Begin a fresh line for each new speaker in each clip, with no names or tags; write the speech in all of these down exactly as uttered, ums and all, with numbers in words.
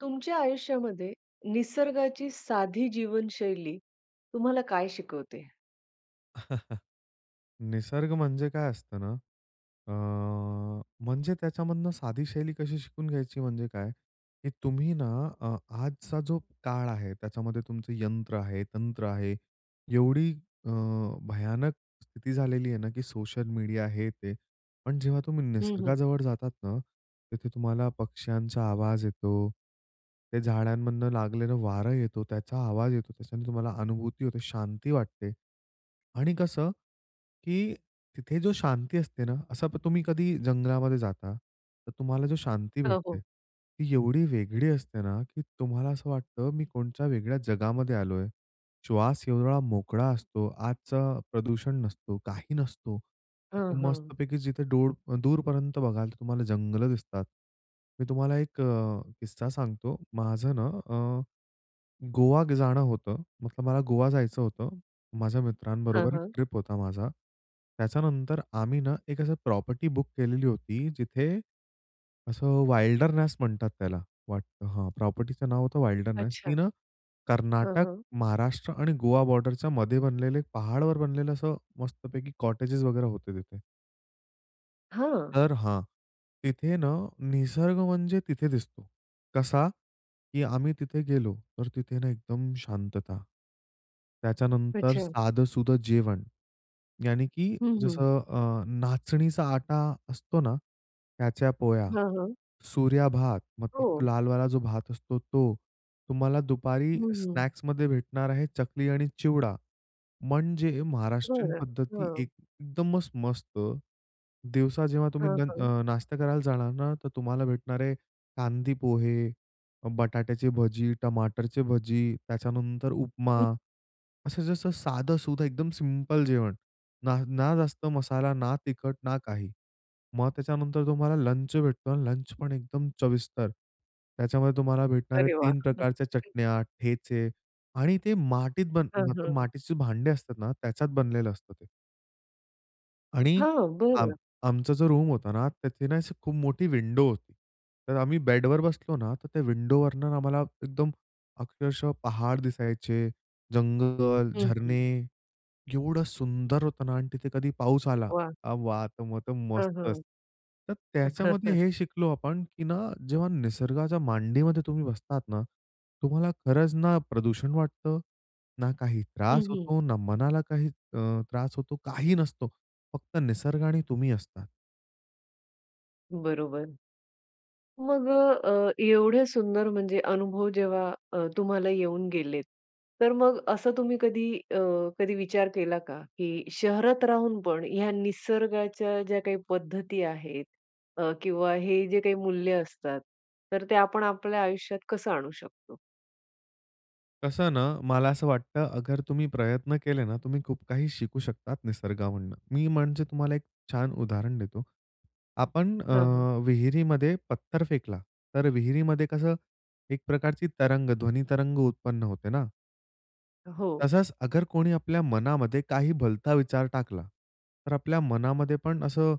तुमच्या आयुष्यामध्ये निसर्गाची साधी जीवनशैली तुम्हाला काय शिकवते?
निसर्ग म्हणजे काय असतं ना, अ, म्हणजे त्याच्यामधनं साधी शैली कशी शिकून घ्यायची म्हणजे काय, की तुम्ही ना अ, आजचा जो काळ आहे, त्याच्यामध्ये तुमचं यंत्र आहे, तंत्र आहे. एवढी अ, भयानक स्थिती झालेली आहे ना, की सोशल मीडिया, हे, ते. पण जेव्हा तुम्ही
हं, हं.
निसर्गाजवळ जातात ना, तिथे तुम्हाला पक्ष्यांचा आवाज येतो, ते झाडांमधनं लागलेलं वारं येतो, त्याचा आवाज येतो. त्याच्याने तुम्हाला अनुभूती होते, शांती वाटते. आणि कसं, की तिथे जो शांती असते ना, असं तुम्ही कधी जंगलामध्ये जाता, तर तुम्हाला जो शांती
अ,
भेटते,
हो.
ती एवढी वेगळी असते ना, की तुम्हाला असं वाटतं मी कोणच्या वेगळ्या जगामध्ये आलोय. श्वास एवढा मोकळा असतो आजचं प्रदूषण नसतो, काही नसतो.
हां, हां.
मस्तपैकी जिथे डुर अ, दूरपर्यंत बघाल तर तुम्हाला जंगलं दिसतात. मी तुम्हाला एक अ, किस्सा सांगतो, माझं ना, अ, गोवा जाणं होतं. मतलब मला गोवा जायचं होतं, माझ्या
हां,
मित्रांबरोबर एक
हां.
ट्रिप होता माझा. त्याच्यानंतर आम्ही ना, एक असं प्रॉपर्टी बुक केलेली होती जिथे, असं "विल्डरनेस" म्हणतात त्याला वा हां, प्रॉपर्टीचं नाव होतं "विल्डरनेस" ती
अच्छा.
ना,
हां,
कर्नाटक,
हां.
महाराष्ट्र आणि गोवा बॉर्डरच्या मध्ये बनलेले पहाडावर बनलेलं असं मस्तपैकी कॉटेजेस वगैरे होते तिथे.
हां.
तर हां, तिथे ना, निसर्ग म्हणजे तिथे दिसतो. कसा? की आम्ही तिथे गेलो, तर तिथे ना, एकदम शांतता. त्याच्यानंतर
अच्छा.
साधंसुधं जेवण, याने, की
हं, हं.
जसं अ, नाचणीचा आटा असतो ना, त्याच्या पोळया,
हां, हां.
सूर्या भात
हो.
मतलब लालवाला जो भात असतो तो, तुम्हाला दुपारी
हं, हं.
स्नॅक्समध्ये भेटणार आहे चकली आणि चिवडा म्हणजे महाराष्ट्रीयन
बरं.
पद्धती,
हां.
एकदमच मस्त. दिवसा जेव्हा तुम्ही
हां, हां.
नं नाश्ता करायला जाणार ना, तर तुम्हाला भेटणार आहे कांदी पोहे, अ, बटाट्याची भजी, टमाटरची भजी, त्याच्यानंतर उपमा
हं.
असं जसं साधंसुधं एकदम सिंपल जेवण. ना ना जास्त मसाला, ना तिखट, ना काही. मग त्याच्यानंतर तुम्हाला लंच भेटतो आणि लंच पण एकदम चविस्तर, त्याच्यामध्ये तुम्हाला भेटणार आहे
अरे, वाह!
तीन प्रकारच्या चटण्या, ठेचे आणि ते माटीत,
हां,
मतलब
हां.
माटीचे भांडे असतात ना, त्याच्यात बनलेलं असतं ते. आणि
हां.
आम
बरं.
आमचं जो रूम होता ना, तिथे ना, अशी खूप मोठी विंडो होती, तर आम्ही बेडवर बसलो ना, तर त्या विंडोवरनं आम्हाला एकदम अक्षरशः पहाड दिसायचे, जंगल,
हं,
झरणे
हं.
एवढं सुंदर होतं ना आणि तिथे कधी पाऊस आला,
वाह!
अ, वाह! तर मग तर
हां,
मस्तच.
हां.
तर त्याच्यामध्ये हे शिकलो आपण, की ना, जेव्हा निसर्गाच्या मांडीमध्ये तुम्ही बसतात ना, तुम्हाला खरंच ना प्रदूषण वाटतं, ना काही
हं,
त्रास
हं.
होतो, ना मनाला काही अ, त्रास होतो, काही नसतो फक्त निसर्ग आणि तुम्ही असता.
बरोबर. मग अ, अ, एवढे सुंदर म्हणजे अनुभव जेव्हा अ, तुम्हाला येऊन गेलेत. तर मग असं तुम्ही कधी अ, कधी विचार केला का? की शहरात राहून पण ह्या निसर्गाच्या ज्या काही पद्धती आहेत अ, किंवा हे जे काही मूल्य असतात. तर ते आपण आपल्या आयुष्यात कसं आणू शकतो?
कसं ना, मला असं वाटतं अगर तुम्ही प्रयत्न केले ना, तुम्ही खूप काही शिकू शकतात निसर्गामधून. मी म्हणजे तुम्हाला एक छान उदाहरण देतो. आपण अ,
हां, हां.
विहिरीमध्ये पत्थर फेकला. तर विहिरीमध्ये कसं एक प्रकारची तरंग, ध्वनी तरंग उत्पन्न होते ना?
हो.
तसंच, अगर कोणी आपल्या मनामध्ये काही भलता विचार टाकला, तर आपल्या मनामध्ये पण असं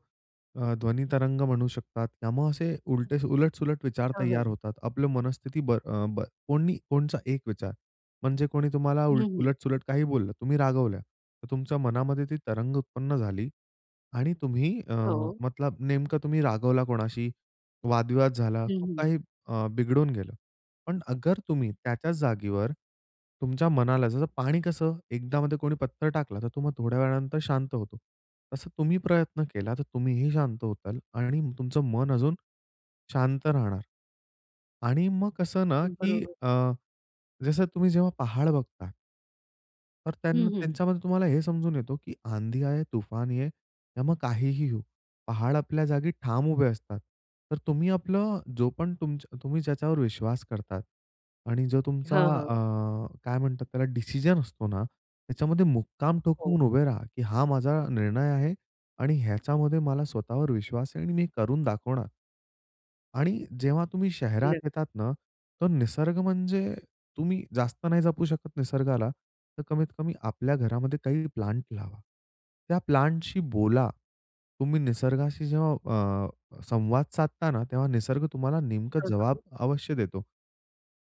अ, ध्वनी तरंग म्हणू शकतात. त्यामुळं असे उलटे उलट-सुलट विचार
हां,
तैयार
हां.
होतात. आपलं मनस्थिती बर अ, बर कोणी कोणचा एक विचार म्हणजे, कोणी तुम्हाला
हं, हं.
उलट-सुलट काही बोललं. तुम्ही रागवल्या. तर तुमच्या मनामध्ये ती तरंग उत्पन्न झाली आणि तुम्ही अ,
हो.
मतलब नेमकं तुम्ही रागवला कोणाशी, वाद-विवाद झाला,
हं,
खूप
हं.
काही अ, बिघडून गेलं. पण अगर तुम्ही त्याच्याच जागेवर, तुमच्या मनाला जसं पाणी कसं एकदा मध्ये कोणी पत्थर टाकला तर तो मग थोड्या वेळानंतर शांत होतो. तसं तुम्ही प्रयत्न केला तर तुम्हीही शांत होताल आणि तुमचं मन अजून शांत राहणार. आणि मग कसं ना की
बरोबर.
अ, जसं तुम्ही जेव्हा पहाड बघता तर
हं,
त्यांना,
हं.
त्यांच्यामध्ये तुम्हाला हे समजून येतो की आँधी आये, तूफान ये, त्यामुळे काहीही होऊ, पहाड, आपल्या जागी ठाम उभे असतात. तर तुम्ही आपलं जो पण तुमच तुम्ही ज्याच्यावर विश्वास करतात आणि जो तुमचा
हां, हां.
अं, काय म्हणतात त्याला डिसिजन असतो ना, त्याच्यामध्ये मुक्काम
हो.
ठोकून उभे राहा, की हा माझा निर्णय आहे आणि ह्याच्यामध्ये मला स्वतःवर विश्वास आहे आणि मी हे करून दाखवणार. आणि जेव्हा तुम्ही शहरात
नक्की.
येतात ना, तर निसर्ग म्हणजे तुम्ही जास्त नाही जपू शकत निसर्गाला, तर कमीत-कमी आपल्या घरामध्ये काही प्लांट लावा. त्या प्लांटशी बोला. तुम्ही निसर्गाशी जेव्हा अ, संवाद साधता ना, तेव्हा निसर्ग तुम्हाला नेमकं
हां,
जवाब
हां.
अवश्य देतो.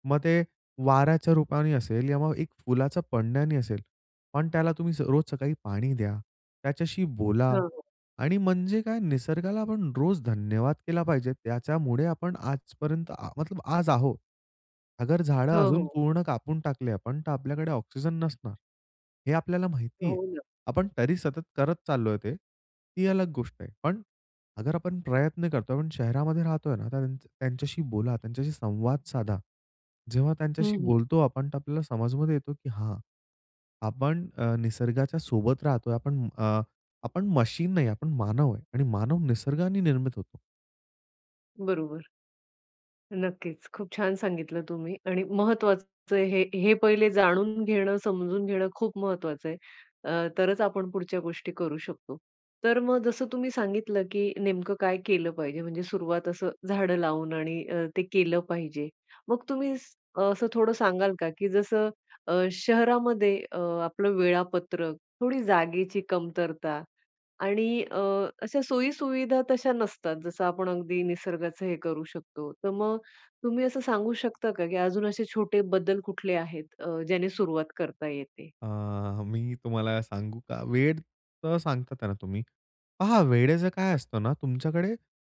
मग ते वाऱ्याच्या रूपाने असेल किंवा मग एक फुलाचं पडण्याने असेल पण त्याला तुम्ही रोज सकाळी पाणी द्या, त्याच्याशी बोला
हां, हां.
आणि म्हणजे काय निसर्गाला आपण रोज धन्यवाद केला पाहिजे त्याच्यामुळे आपण आजपर्यंत मतलब आज आहोत. अगर झाडं
हो,
अजून
हो.
पूर्ण कापून टाकली आपण, तर आपल्याकडे ऑक्सिजन नसणार. हे आपल्याला माहिती आहे.
हो ना.
आपण तरी सतत करत चाललोय ते, ही अलग गोष्ट आहे. पण अगर आपण प्रयत्न करतोय, आपण शहरामध्ये राहतोय ना तर त्यांच्या त्यांच्याशी बोला, त्यांच्याशी संवाद साधा. जेव्हा
हं,
त्यांच्याशी
हं.
बोलतो आपण तर आपल्याला समजमध्ये येतो की हां, आपण निसर्गाच्या सोबत राहतोय आपण अ, आपण मशीन नाही आपण मानव आहे आणि मानव निसर्गाने निर्मित होतो.
बरोबर. नक्कीच खूप छान सांगितलं तुम्ही आणि महत्वाचं आहे हे, हे पहिले जाणून घेणं, समजून घेणं खूप महत्वाचं आहे. अ, तरच आपण पुढच्या गोष्टी करू शकतो. तर मग जसं तुम्ही सांगितलं की नेमकं काय केलं पाहिजे म्हणजे सुरुवात असं झाडं लावून आणि अ, ते केलं पाहिजे. मग तुम्ही स असं अ थोडं सांगाल का? की जसं अ, शहरामध्ये अ, आपलं वेळापत्रक, थोडी जागेची कमतरता आणि अ, अशा सोयी-सुविधा तशा नसतात जसं आपण अगदी निसर्गाचं हे करू शकतो. तर मग तुम्ही असं सांगू शकता का की अजून असे छोटे बदल कुठले आहेत, अ, ज्याने सुरुवात करता येते?
अ, मी तुम्हाला सांगू का? वेळ तर सांगता आहे ना तुम्ही पहा वेळेचं काय असतं ना तुमच्याकडे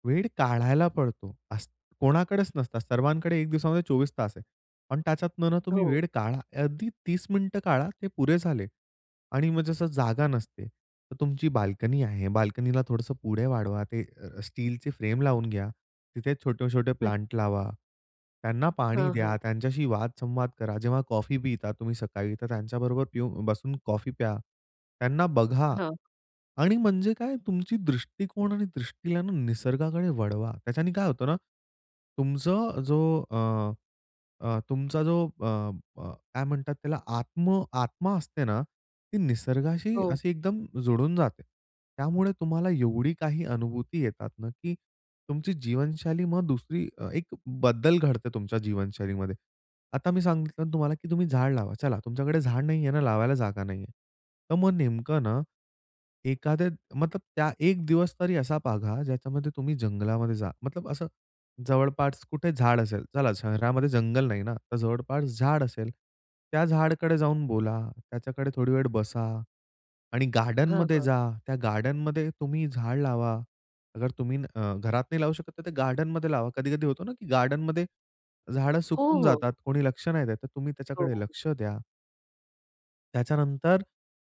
वेळ काढायला पडतो. असं कोणाकडेच नसता सर्वांकडे एक दिवसामध्ये चोवीस तास आहे पण त्याच्यातनं ना तुम्ही
हो.
वेळ काढा. अगदी तीस मिनिटं काढा ते पुरे झाले. आणि मग जसं जागा नसते तर तुमची बाल्कनी आहे, बाल्कनीला थोडंसं पुढे वाढवा ते अ, स्टीलची फ्रेम लावून घ्या. तिथे छोटे-छोटे
[unintelligible]
प्लांट लावा. त्यांना पाणी
हां, हां.
द्या, त्यांच्याशी वाद-संवाद करा. जेव्हा कॉफी पिता तुम्ही सकाळी, तर त्यांच्याबरोबर पियू बसून कॉफी प्या. त्यांना बघा
हां.
आणि म्हणजे काय? तुमची दृष्टिकोन आणि दृष्टीला निसर्गाकडे वळवा. त्याच्याने काय होतं ना तुमचं जो अ, अ, तुमचा जो अ, अ, काय म्हणतात त्याला? आत्म आत्मा असते ना ती निसर्गाशी
हो.
अशी एकदम जुळून जाते. त्यामुळे तुम्हाला एवढी काही अनुभूती येतात ना, की तुमची जीवनशैली मग दुसरी अ, एक बदल घडते तुमच्या जीवनशैलीमध्ये. आता मी सांगितलं तुम्हाला, की तुम्ही झाड लावा. चला तुमच्याकडे झाड नाहीये ना लावायला जागा नाहीये. तर मग नेमकं ना, एखादे मतलब त्या एक दिवस तरी असा बाघा ज्याच्यामध्ये तुम्ही जंगलामध्ये जा. मतलब असं जवळपास कुठे झाड असेल, चला शहरामध्ये जंगल नाही ना तर जवळपास झाड असेल, त्या झाडकडे जाऊन बोला, त्याच्याकडे थोडी वेळ बसा आणि
हां,
गार्डनमध्ये
हां.
जा. त्या गार्डनमध्ये तुम्ही झाडं लावा. अगर तुम्ही अ, घरात नाही लावू शकत तर ते गार्डनमध्ये लावा. कधी-कधी होतो ना, की गार्डनमध्ये झाडं
हो,
सुकून
हो.
जातात कोणी लक्ष नाही देत तर तुम्ही
हो.
त्याच्याकडे लक्ष द्या. त्याच्यानंतर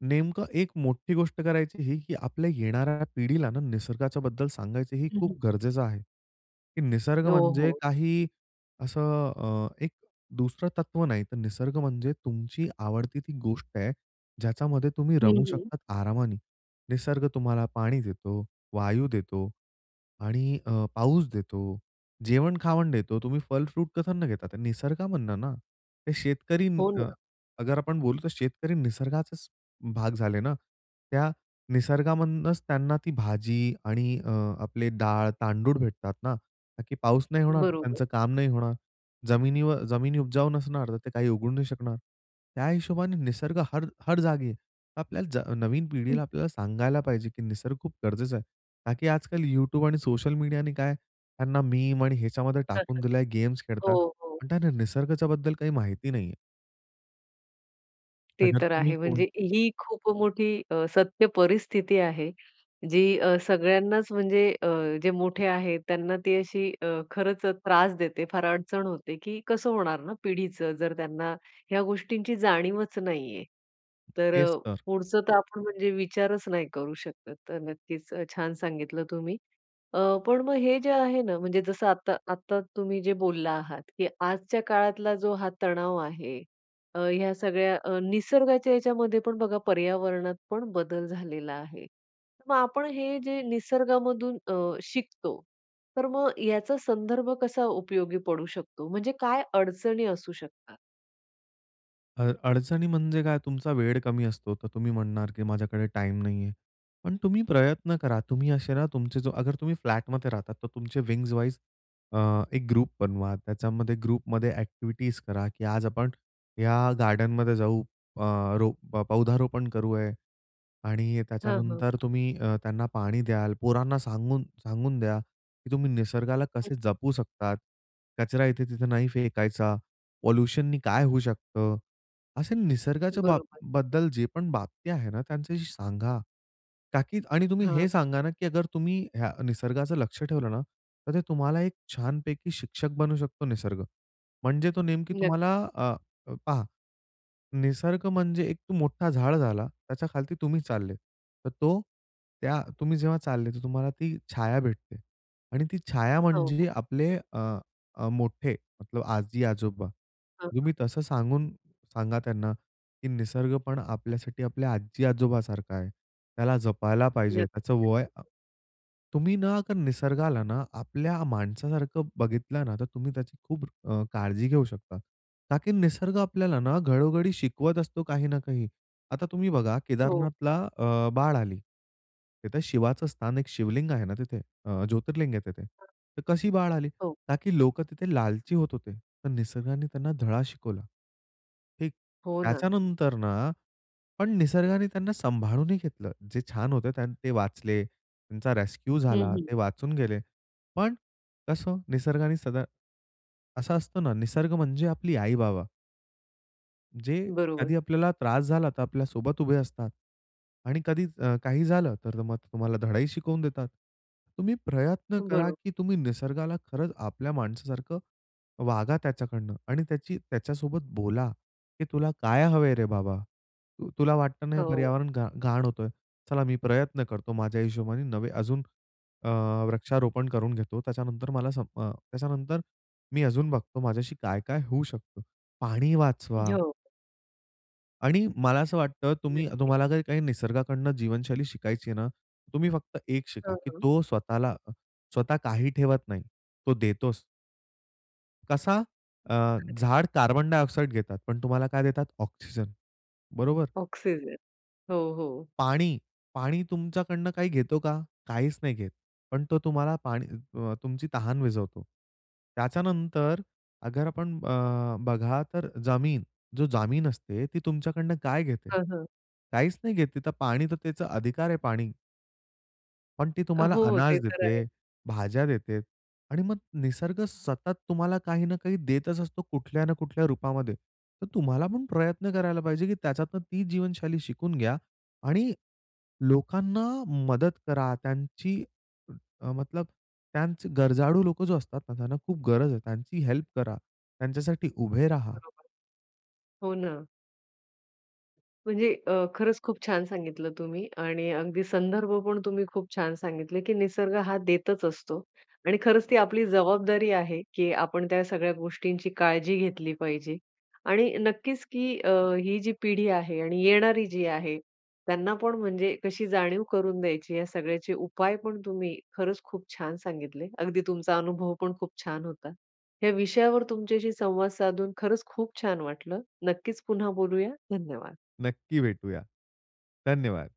नेमकं एक मोठी गोष्ट करायची ही, की आपल्या येणाऱ्या पिढीला ना निसर्गाच्या बद्दल सांगायचं. हे
हं, हं.
खूप गरजेचं आहे, की निसर्ग
यो,
म्हणजे
हो.
काही असं अ, एक दुसरं तत्व नाही तर निसर्ग म्हणजे तुमची आवडती ती गोष्ट आहे, ज्याच्यामध्ये तुम्ही
हं,
रमू
हं.
शकतात, आरामाने. निसर्ग तुम्हाला पाणी देतो, वायू देतो आणि अ, पाऊस देतो, जेवण-खावण देतो. तुम्ही फल, फ्रूट कशातनं घेता? निसर्गा मधनं ना? ते शेतकरी
हो
न
ना.
अगर आपण बोलू तर शेतकरी निसर्गाचाच भाग झाले ना? त्या निसर्गामधूनच त्यांना ती भाजी आणि अ, आपले डाळ, तांदूळ भेटतात ना? का, की पाऊस नाही होणार तर
बरोबर.
त्यांचं काम नाही होणार. जमिनीव जमिनी उपजाऊ नसणार तर ते काही उगवू नाही शकणार. त्या हिशोबाने निसर्ग हर हर जागी आहे. आपल्याला ज नवीन पिढीला आपल्याला सांगायला पाहिजे, की निसर्ग खूप गरजेचा आहे का, की आजकाल YouTube आणि सोशल मीडियाने काय त्यांना मीम आणि ह्याच्यामध्ये टाकून
[unintelligible]
दिला आहे, गेम्स
हो,
खेळतात.
हो.
आणि त्यांना निसर्गाच्या बद्दल काही माहिती नाहीये.
ते
अगर
तर
तुम्ही
आहे.
कोण
म्हणजे ही खूप मोठी अ, सत्य परिस्थिती आहे. जी अ, सगळ्यांनाच म्हणजे अ, जे मोठे आहेत त्यांना ती अशी अ, खरंच त्रास देते फार अडचण होते, की कसं होणार ना पिढीचं? जर त्यांना ह्या गोष्टींची जाणीवच नाही आहे. तर
तेच तर.
पुढचं तर आपण म्हणजे विचारच नाही करू शकत. तर नक्कीच अ, छान सांगितलं तुम्ही. अ, पण मग हे जे आहे ना म्हणजे जसं आता आता तुम्ही जे बोलला आहात, की आजच्या काळातला जो हा तणाव आहे अ, ह्या सगळ्या अ, निसर्गाच्या याच्यामध्ये पण बघा पर्यावरणातपण बदल झालेला आहे. मग आपण हे जे निसर्गामधून अ, शिकतो तर मग याचा संदर्भ कसा उपयोगी पडू शकतो? म्हणजे काय अडचणी असू शकतात?
अड अडचणी म्हणजे काय तुमचा वेळ कमी असतो, तर तुम्ही म्हणणार की माझ्याकडे टाईम नाहीये. पण तुम्ही प्रयत्न करा तुम्ही असे ना, तुमचे जो अगर तुम्ही फ्लॅट मध्ये राहतात तर तुमचे विंग्ज वाईज अ, एक ग्रुप बनवा. त्याच्यामध्ये ग्रुपमध्ये एक्टिविटीज करा की आज आपण या गार्डनमध्ये जाऊ अ, रो पौधारोपण करू आहे आणि
हां, हां.
त्याच्यानंतर तुम्ही अ, त्यांना पाणी द्याल, पोरांना सांगून, सांगून द्या की तुम्ही निसर्गाला
हं,
कसे जपू शकतात? कचरा इथे-तिथे नाही फेकायचा, पॉल्यूशनने काय होऊ शकतं? असे निसर्गाच्या बा
बरोबर.
बद्दल जे पण बाबती आहे ना त्यांच्याशी सांगा, ताकि आणि तुम्ही
हां, हां.
हे सांगा ना अगर तुम्ही अ, निसर्गाचं लक्ष ठेवलं ना तर ते तुम्हाला एक छानपैकी शिक्षक बनू शकतो निसर्ग. म्हणजे तो नेमकी
नक्की.
तुम्हाला अ, पहा. निसर्ग म्हणजे एक मोठा झाड झाला, त्याच्या खालती तुम्ही चाललेत. तर तो त्या तुम्ही जेव्हा चालले तर तुम्हाला ती छाया भेटते आणि ती छाया
हो, हो.
म्हणजे आपले अ, मोठे मतलब आजी-आजोबा
हां, हां.
तुम्ही तसं सांगून सांगा त्यांना की निसर्ग पण आपल्यासाठी आपल्या आजी-आजोबा सारखा आहे. त्याला जपायला पाहिजे त्याचं
नक्कीच.
वय तुम्ही ना निसर्गाला ना आपल्या माणसासारखं बघितलं ना, तर तुम्ही त्याची खूप अ, काळजी घेऊ शकता का की, निसर्ग आपल्याला ना घडोघडी शिकवत असतो काही ना काही. आता तुम्ही बघा
हो.
केदारनाथला अ, बाळ आली. तिथं शिवाचं स्थान एक शिवलिंग आहे ना तिथे अ, ज्योतिर्लिंग आहे तिथे, तर कशी बाळ आली?
हो.
ना की लोकं तिथे लालची होत होते. तर निसर्गाने त्यांना धडा शिकवला. हे
हो ना.
त्याच्यानंतर ना पण निसर्गाने त्यांना सांभाळूनही घेतलं. जे छान होतं ते वाचले त्यांचा रेस्क्यू
हं,
झाला,
हं.
ते वाचून गेले. पण कसं निसर्गाने सदा असा असतो ना, निसर्ग म्हणजे आपली आई-बाबा. जे आधी
बरोबर.
आपल्याला त्रास झाला, तर आपल्यासोबत उभे असतात आणि कधी अ, काही झालं, तर मग तुम्हाला धडाही शिकवून देतात. तुम्ही प्रयत्न करा,
बरोबर.
की तुम्ही निसर्गाला खरंच आपल्या माणसासारखं वागा त्याच्याकडनं आणि त्याची त्याच्यासोबत बोला, की "तुला काय हवंय रे, बाबा?" तु तुला वाटतं ना, हे
हो.
पर्यावरण घा घाण होतोय, चला मी प्रयत्न करतो माझ्या हिशोबाने नवे अजून अ, वृक्षारोपण करून घेतो त्याच्यानंतर मला सम अ, त्याच्यानंतर मी अजून बघतो माझ्याशी काय, काय होऊ शकतं. पाणी वाचवा
हो.
आणि मला असं वाटतं तुम्ही
नक्कीच.
तुम्हाला जर काही निसर्गाकडनं जीवनशैली शिकायची आहे ना, तुम्ही फक्त एक शिका,
हां,
की
हां.
तो स्वतःला, स्वतः काही ठेवत नाही. तो देतोच. कसा? अ,
ओके.
झाडं कार्बन डायऑक्साईड घेतात पण तुम्हाला काय देतात ऑक्सिजन, बरोबर?
ऑक्सिजन. हो, हो.
पाणी, पाणी तुमच्याकडनं काही घेतो का? काहीच नाही घेत. पण तो तुम्हाला पा अ, तुमची तहान विझवतो. त्याच्यानंतर अगर आपण अ, बघा, तर जमीन, जो जामीन असते ती तुमच्याकडनं काय घेते?
हां, हां.
काहीच नाही घेत, तर पाणी, तर त्याचा अधिकार आहे पाणी. पण ती
अ,
तुम्हाला
हो. ते
अनाज
तर आहे.
देते, भाज्या देते आणि मग निसर्ग सतत तुम्हाला काही ना काही देतच असतो, कुठल्या ना कुठल्या रूपामध्ये. तर तुम्हाला पण, प्रयत्न करायला पाहिजे, की त्याच्यातून ती जीवनशैली शिकून घ्या आणि लोकांना मदत करा, त्यांची अ, मतलब त्यांची गरजाळू लोकं जे असतात ना, त्यांना खूप गरज आहे, त्यांची हेल्प करा, त्यांच्यासाठी उभे राहा.
बरोबर. हो, ना. म्हणजे अ, खरंच खूप छान सांगितलं तुम्ही. आणि अगदी संदर्भपण तुम्ही खूप छान सांगितले, की निसर्ग हा, देतच असतो. आणि खरंच ती आपली जबाबदारी आहे, की आपण त्या सगळ्या गोष्टींची काळजी घेतली पाहिजे. आणि नक्कीच, की अ, ही जी पिढी आहे आणि येणारी जी आहे. त्यांना पण म्हणजे कशी जाणीव करून द्यायची? या सगळ्याचे उपाय पण, तुम्ही खरंच खूप छान सांगितले. अगदी तुमचा अनुभव पण खूप छान होता. ह्या विषयावर तुमच्याशी संवाद साधून खरंच खूप छान वाटलं. नक्कीच पुन्हा बोलूया. धन्यवाद.
नक्की भेटूया. धन्यवाद.